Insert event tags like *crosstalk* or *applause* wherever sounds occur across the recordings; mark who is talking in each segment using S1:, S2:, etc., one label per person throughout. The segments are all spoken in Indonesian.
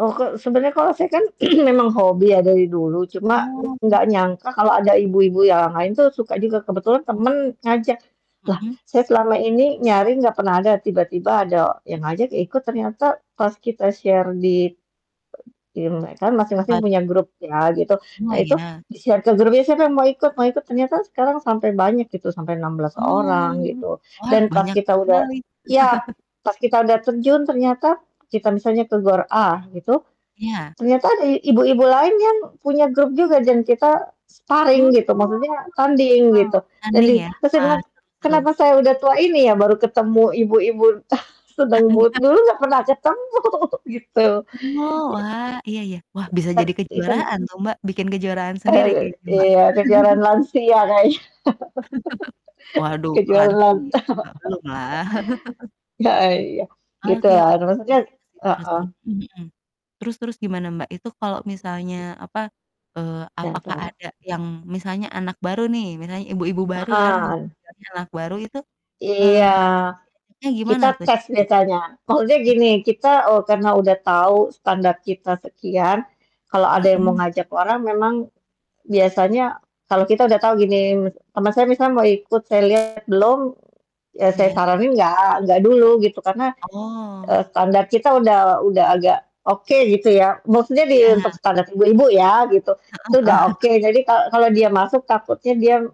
S1: Oh, kok sebenarnya kalau saya kan *clears throat* memang hobi ya dari dulu cuma
S2: Oh
S1: gak
S2: iya.
S1: nyangka kalau ada ibu-ibu yang lain tuh suka juga, kebetulan
S2: Hmm?
S1: temen ngajak, lah
S2: Mhm.
S1: saya selama ini nyari gak pernah ada tiba-tiba ada yang ngajak ikut ternyata pas kita share di di me kan
S2: Apa t
S1: masing-masing punya grup ya gitu. Nah
S2: Oh,
S1: itu,
S2: iya.
S1: di-share ke grup, siapa yang mau ikut ikut, ternyata sekarang sampai banyak gitu. Sampai 16
S2: Oh,
S1: orang gitu.
S2: wah
S1: Dan pas
S2: banyak
S1: kita udah
S2: sekali.
S1: ya
S2: *chuckles*
S1: pas kita udah terjun ternyata kita misalnya ke GOR A gitu
S2: Iya.
S1: ternyata ada ibu-ibu lain yang punya grup juga dan kita
S2: Oh,
S1: sparing gitu,
S2: heeh,
S1: maksudnya tanding gitu, dan
S2: tanding
S1: di
S2: ya,
S1: terus saya
S2: wah
S1: bilang,
S2: seru seru.
S1: "Kenapa saya udah tua ini ya baru ketemu ibu-ibu? *chuckles* Sedang dulu
S2: *chuckles*
S1: nggak pernah ketemu?" Gitu,
S2: Oh,
S1: i
S2: wah iya iya, wah bisa
S1: tern
S2: jadi
S1: even.
S2: kejuaraan tuh, Mbak, bikin kejuaraan sendiri
S1: Eee,
S2: kayaknya, Mbak.
S1: iya kejuaran
S2: *chuckles*
S1: lansia kayanya,
S2: *chuckles* Waduh,
S1: *laughs*
S2: kok
S1: kejuaran
S2: lansia
S1: lan
S2: sih, Mbak, belum lah. *chuckles*
S1: *laughs* heeh, iya
S2: Oke,
S1: gitulah.
S2: wah,
S1: Nah
S2: seru
S1: maksudnya
S2: banget sih,
S1: heeh.
S2: seru-seru, mhm. Terus terus gimana, Mbak, itu kalau misalnya, apa, eee,
S1: Yang
S2: apakah
S1: cowo.
S2: ada yang misalnya anak baru nih, misalnya ibu-ibu baru kan
S1: Heeh.
S2: istilahnya anak baru itu, eee,
S1: Iya,
S2: *unintelligible*
S1: kita
S2: gimana tuh?
S1: tes
S2: *unintelligible*
S1: misalnya, maksudnya gini
S2: Hmm.
S1: kita oh, karena udah tau standar kita sekian, kalau ada yang mau
S2: Mhm.
S1: ngajak orang memang biasanya kalau kita udah tahu gini mis teman saya misal mau ikut, saya lihat belum, ya saya
S2: Iya.
S1: saranin nggak nggak dulu gitu karena,
S2: Oh.
S1: eee, standar kita udah udah agak oke gitu ya. Maksudnya di untuk
S2: Iya.
S1: standar ibu-ibu ya gitu. Itu
S2: Heeh
S1: udah
S2: heeh.
S1: oke
S2: *chuckles*
S1: jadi kalau kalau dia masuk takutnya dia m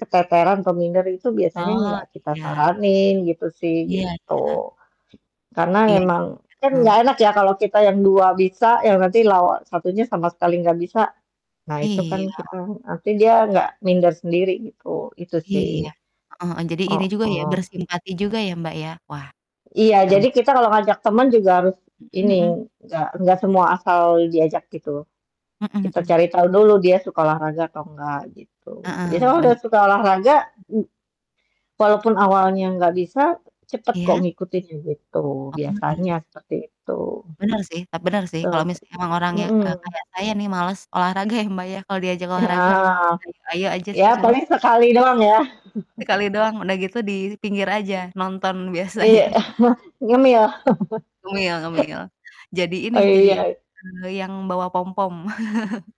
S1: keteteran atau minder itu biasanya
S2: Oh,
S1: nggak kita
S2: iya.
S1: saranin gitu sih
S2: Iya iya.
S1: gitu. Karena
S2: Iya, jadi
S1: memang kan
S2: heeh,.
S1: gak enak ya
S2: *unintelligible*
S1: kalau kita yang 2 bisa yang nanti lawan 1-nya sama sekali gak bisa, nah itu kan
S2: Iya.
S1: kita nanti dia gak minder sendiri gitu, itu
S2: Iya,
S1: sih.
S2: heeh heeh. Jadi gini juga ya
S1: Heeh.
S2: bersimpati juga ya, Mbak, ya? Wah,
S1: Iya
S2: seru.
S1: jadi kita kalau ngajak teman juga harus
S2: Mhm
S1: ini,
S2: mhm.
S1: gak gak semua asal diajak gitu,
S2: Mhm
S1: kita
S2: mhm.
S1: cari tahu dulu dia suka olahraga atau enggak gitu. Biasanya
S2: Heeh,
S1: kalau udah
S2: bener.
S1: suka olahraga m walaupun awalnya gak bisa cepet kok
S2: Iya.
S1: ngikutin gitu.
S2: Oh,
S1: Biasanya
S2: iya.
S1: seperti itu.
S2: Bener sih, tap bener sih, kalo
S1: Oh,
S2: misalnya emang orangnya, eee,
S1: mhm.
S2: kayak saya nih, males olahraga ya, Mbak, ya kalo diajak olahraga ya
S1: Heeh,
S2: ayo ayo aja
S1: ya
S2: sih cuma
S1: paling sekali doang ya.
S2: *unintelligible*
S1: *chuckles*
S2: sekali doang, udah gitu di pinggir aja nonton
S1: Mmm.
S2: biasanya.
S1: Iya, *laughs* nyemil. *chuckles* Oh, iya.
S2: Ngemil ngemil, jadi ini,
S1: Oh,
S2: jadi
S1: iya.
S2: *unintelligible* yang bawa pompom. *chuckles*